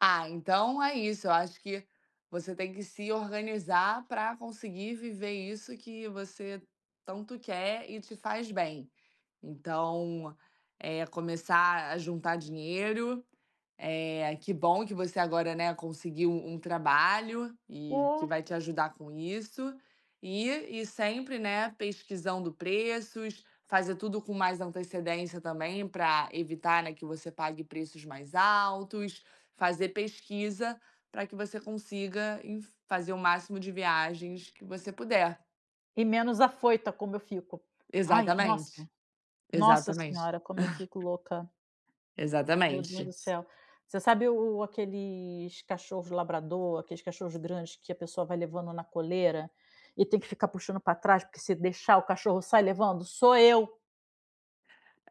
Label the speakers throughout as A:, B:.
A: Ah, então é isso, eu acho que você tem que se organizar para conseguir viver isso que você tanto quer e te faz bem. Então, é começar a juntar dinheiro. Eh, que bom que você agora, né, conseguiu um trabalho, e que
B: Ô.
A: vai te ajudar com isso. E e sempre, né, pesquisando preços. Fazer tudo com mais antecedência também, para evitar, né, que você pague preços mais altos. Fazer pesquisa, para que você consiga inf fazer o máximo de viagens que você puder.
B: E menos afoita, como eu fico. Ai, nossa.
A: Exatamente,
B: Nossa
A: exatamente.
B: senhora, como eu fico louca. Meu Deus
A: Exatamente.
B: do céu. Você sabe o o aqueles cachorros labrador, aqueles cachorros grandes que a pessoa vai levando na coleira, e tem que ficar puxando para trás, porque se deixar o cachorro sai levando? Sou eu.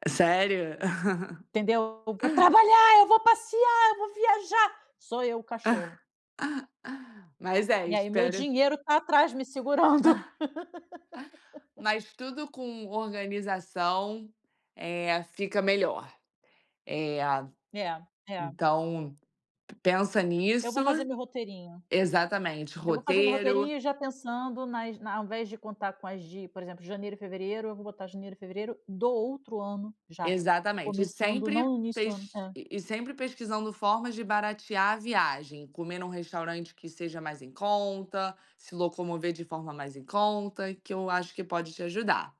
A: Sério?
B: Entendeu, "eu vou trabalhar, eu vou passear, eu vou viajar", sou eu o cachorro.
A: Mas é,
B: E aí meu
A: espero
B: dinheiro está atrás me segurando.
A: Mas tudo com organização, eh, fica melhor, eh,
B: É, é.
A: então p pensa
B: Eu
A: nisso.
B: vou fazer meu roteirinho.
A: Exatamente,
B: Eu vou fazer meu
A: roteiro
B: roteirinho já pensando nas na ao invés de contar com as de, por exemplo, janeiro e fevereiro, eu vou botar janeiro e fevereiro do outro ano já,
A: Exatamente. E
B: começando
A: sempre
B: não no início do ano
A: pes e
B: é.
A: e sempre pesquisando formas de baratear a viagem, comer em um restaurante que seja mais em conta, se locomover de forma mais em conta, que eu acho que pode te ajudar.